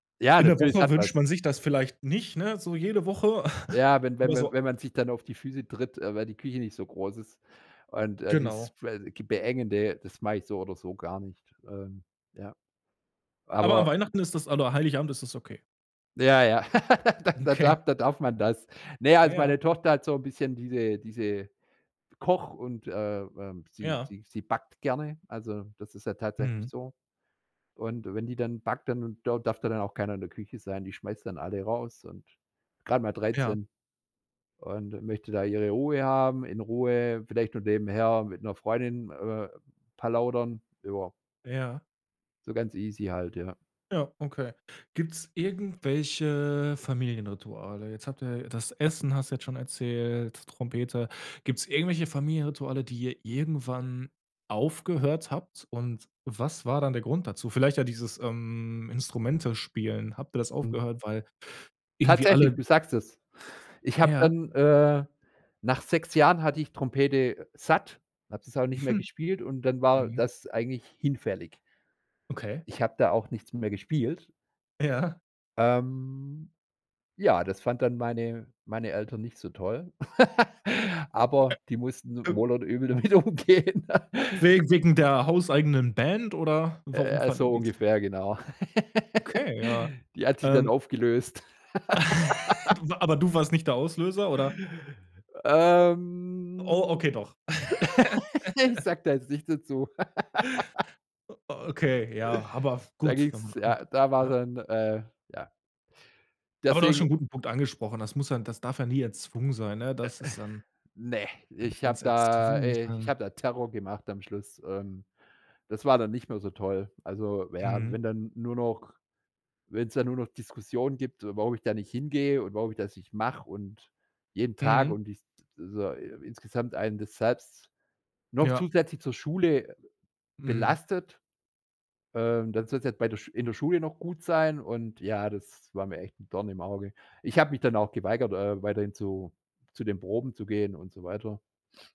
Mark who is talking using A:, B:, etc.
A: Ja,
B: In der
A: natürlich, das
B: Woche
A: hat
B: wünscht
A: was.
B: man sich das vielleicht nicht, ne? So jede Woche,
A: Ja, wenn
B: aber
A: wenn wenn
B: so
A: wenn man sich dann auf die Füße tritt, äh, weil die Küche nicht so groß ist und, äh, dieses
B: Genau.
A: [unintelligible] Beengende, das mag ich so oder so gar nicht. Ähm, ja,
B: Aber an
A: aber
B: Weihnachten ist das oder Heilig Abend ist das okay.
A: Ja, ja, da da
B: Okay.
A: darf da darf man das. Ne, also
B: Ja.
A: meine Tochter hat so 'n bisschen diese diese Koch und, äh, ähm, sie
B: Ja.
A: sie sie backt gerne, also das ist ja tatsächlich
B: Mhm.
A: so. Und wenn die dann backt, dann da darf dann auch keiner in der Küche sein, die schmeißt dann alle raus und gerade mal
B: Ja.
A: 13. Und möchte da ihre Ruhe haben, in Ruhe, vielleicht noch nebenher mit 'ner Freundin, äh, plaudern über
B: Ja.
A: So ganz easy halt, ja.
B: Ja, okay. Gibt's irgendwelche Familienrituale? Jetzt habt ihr das Essen hast du jetzt schon erzählt, Trompete. Gibt's irgendwelche Familienrituale, die ihr irgendwann aufgehört habt? Und, was war dann der Grund dazu? Vielleicht ja dieses, ähm, Instrumente spielen, habt ihr das
A: Mhm.
B: aufgehört, weil irgendwie
A: Tatsächlich,
B: alle
A: du sagst es. Ich habe
B: Ja.
A: dann, äh, nach 6 Jahren hatte ich Trompete satt, habe das auch nicht mehr
B: Hm.
A: gespielt und dann war
B: Mhm.
A: das eigentlich hinfällig.
B: Okay.
A: Ich habe da auch nichts mehr gespielt.
B: Ja.
A: Ähm, ja, das fand dann meine meine Eltern nicht so toll, aber die mussten wohl und übel damit umgehen.
B: Wege wegen der hauseigenen Band oder
A: Äh,
B: warum
A: ja,
B: fanden
A: so
B: die es
A: ungefähr, genau.
B: Okay, ja.
A: Die hat sich dann
B: Ähm
A: aufgelöst.
B: Du wa aber du warst nicht der Auslöser, oder? Oh,
A: Ähm.
B: okay, doch.
A: Ich sage da jetzt nicht dazu.
B: O okay, ja, aber
A: Da
B: gut, wenn
A: ging's
B: man
A: ja, da war
B: ja.
A: dann äh, ja.
B: Aber du hast
A: Deswegen
B: schon 'n guten Punkt angesprochen, das muss ja das darf ja nie erzwungen sein, ne? Das ist, ähm
A: Ne,
B: mhm,
A: ich habe
B: wenn's
A: da
B: erzwungen ist,
A: äh, ich
B: dann
A: habe da Terror gemacht am Schluss. Ähm, das war dann nicht mehr so toll. Also, ja,
B: Mhm.
A: wenn dann nur noch wenn's dann nur noch Diskussionen gibt, warum ich da nicht hingehe und warum ich das nicht mache und jeden Tag
B: Mhm.
A: und ist so i insgesamt einen das selbst noch
B: Ja.
A: zusätzlich zur Schule
B: Mhm.
A: belastet. Ähm, dann sollst du jetzt bei der Sch in der Schule noch gut sein und, ja, das war mir echt 'n Dorn im Auge. Ich habe mich dann auch geweigert, äh, weiterhin zu zu den Proben zu gehen und so weiter.